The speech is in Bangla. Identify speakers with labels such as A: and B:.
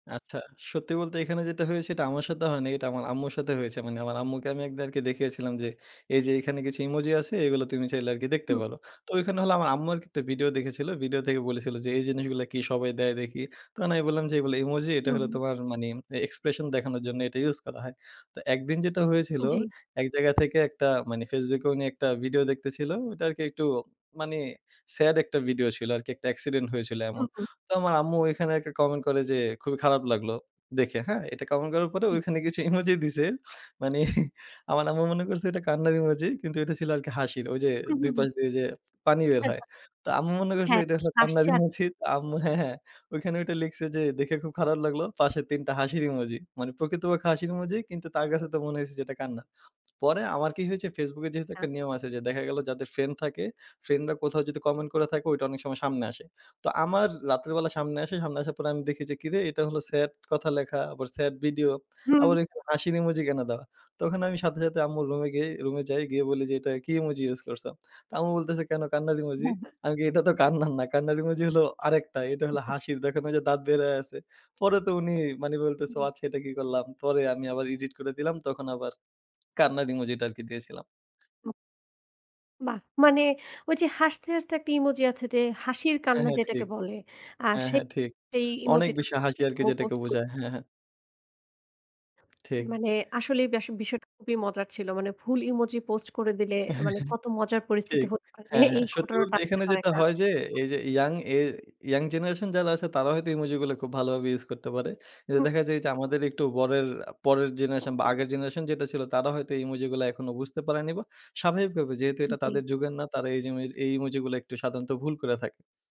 A: আচ্ছা সত্যি বলতে এখানে যেটা হয়েছে সেটা আমার সাথে হয় নাই। এটা আমার আম্মুর সাথে হয়েছে মানে আমার আম্মুকে আমি এক দের কে আরকি দেখিয়েছিলাম যে, এই যে, এখানে কিছু ইমোজি আছে এইগুলো তুমি চাইলে আরকি দেখতে
B: হুম।
A: পারো। তো ওইখানে হলো আমার আম্মু আরকি একটা ভিডিও দেখেছিলো। ভিডিও থেকে বলেছিলো যে, এই জিনিসগুলো কি সবাই দেয় দেখি। তখন আমি বললাম যে, এইগুলো ইমোজি এইটা
B: হুম,
A: হইলো
B: হুম।
A: তোমার মানে ম অ্যা expression দেখানোর জন্য এটা ইউজ করা হয়। তো একদিন যেটা হয়েছিল
B: জি।
A: এক জায়গা থেকে একটা মানে Facebook এ উনি একটা ভিডিও দেখতেছিল ওটা আরকি একটু মানে স্যাড একটা ভিডিও ছিল আরকি একটা এক্সিডেন্ট হয়েছিল এমন।
B: হুম, হুম।
A: তো আমার আম্মু ঐখানে একটা কমেন্ট করে যে, খুবই খারাপ লাগলো দেখে হ্যাঁ, এটা কমেন্ট করার পরে
B: হু।
A: ওখানে কিছু ইমোজি দিছে। মানে আমার আম্মু মনে করছে এটা কান্নার ইমোজি কিন্তু এটা ছিল আরকি হাসির। ওই যে,
B: হুম,
A: ২
B: হুম, হুম।
A: পাশ দিয়ে যে, পানি বের হয়
B: [unintelligible]
A: তো আম্মু মনে করছে
B: হ্যাঁ,
A: এটা হলো কান্নার
B: আশ্চাট
A: ইমোজি তো আম্মু হ্যাঁ, হ্যাঁ ঐখানে ঐটা লিখছে যে, দেখে খুব খারাপ লাগলো। পাশে ৩ টা হাসির ইমোজি। মানে প্রকৃতপক্ষে হাসির ইমোজি কিন্তু তার কাছে তো মনে হইছে যে, এটা কান্না। পরে আমার কি হয়েছে Facebook এ যেহেতু একটা
B: না।
A: নিয়ম আছে যে, দেখা গেলো যাদের ফ্রেন্ড থাকে কোথাও যদি কমেন্ট করে থাকে ওইটা অনেক সময় সামনে আসে। তো আমার রাত্রে বেলা সামনে আসে। সামনে আসার পর আমি দেখি যে, কিরে এটা হলো স্যাড কথা লেখা, আবার স্যাড ভিডিও,
B: হুম,
A: আবার
B: হু।
A: ওইখানে হাসির ইমোজি কেন দেওয়া? তখন আমি সাথে, সাথে আম্মুর রুমে গিয়ে রুমে যাই গিয়ে বলি যে, "এটা কি ইমোজি ইউজ করছো?" তো আম্মু বলতেছে "কেন কান্নার ইমোজি?"
B: হ্যাঁ, হ্যাঁ।
A: আমি কি "এটা তো কান্নার না। কান্নার ইমোজি হলো আরেকটা। এটা হল
B: [unintelligible]
A: হাসির দেখনা ঐযে যে, দাঁত বের হয়ে আছে" পরে তো উনি মানে বলতেছে,
B: হুম।
A: "আচ্ছা এটা কি করলাম?" পরে আমি আবার ইডিট করে দিলাম। তখন আবার কান্নার ইমোজিটা আরকি দিয়েছিলাম।
B: বাহ! মানে ঐ যে, হাসতে, হাসতে একটা ইমোজি আছে যে, হাসির
A: হ্যাঁ,
B: কান্না
A: হ্যাঁ
B: যেটাকে
A: ঠিক,
B: বলে আ
A: হ্যাঁ, হ্যাঁ ঠিক
B: সেই
A: অনেক
B: ইমোজিটা
A: বেশি হাসি আরকি
B: মু
A: যেটাকে
B: পোস্ট করি।
A: বোঝায়। হ্যাঁ, হ্যাঁ। ঠিক।
B: মানে আসলে ব্যাস বিষয়টা খুবই মজার ছিল। মানে ভুল ইমোজি পোস্ট করে দিলে, অ্যা মানে কত মজার পরিস্থিতি
A: ঠিক
B: হতে পারে।
A: হ্যাঁ,
B: এই
A: হ্যাঁ সত্যি
B: ঘটনাটা
A: বলতে
B: হতে
A: এখানে
B: পারে
A: যেটা
B: একটা
A: হয় যে, এই যে, ইয়াং, এ ইয়াং জেনারেশন যারা আছে তারা হয়তো ইমোজিগুলা খুব ভালোভাবে ইউজ করতে পারে। যে,
B: হু।
A: দেখা যায় যে, আমাদের একটু বরের পরের, পরের জেনারেশন বা আগের জেনারেশন যেটা ছিল তারা হয়তো এই ইমোজিগুলা এখনো বুঝতে পারেনি বা স্বাভাবিকভাবে যেহেতু এটা
B: জি।
A: তাদের যুগের না তারা এই জুমেরি এই ইমোজিগুলা একটু সাধারণত ভুল করে থাকে।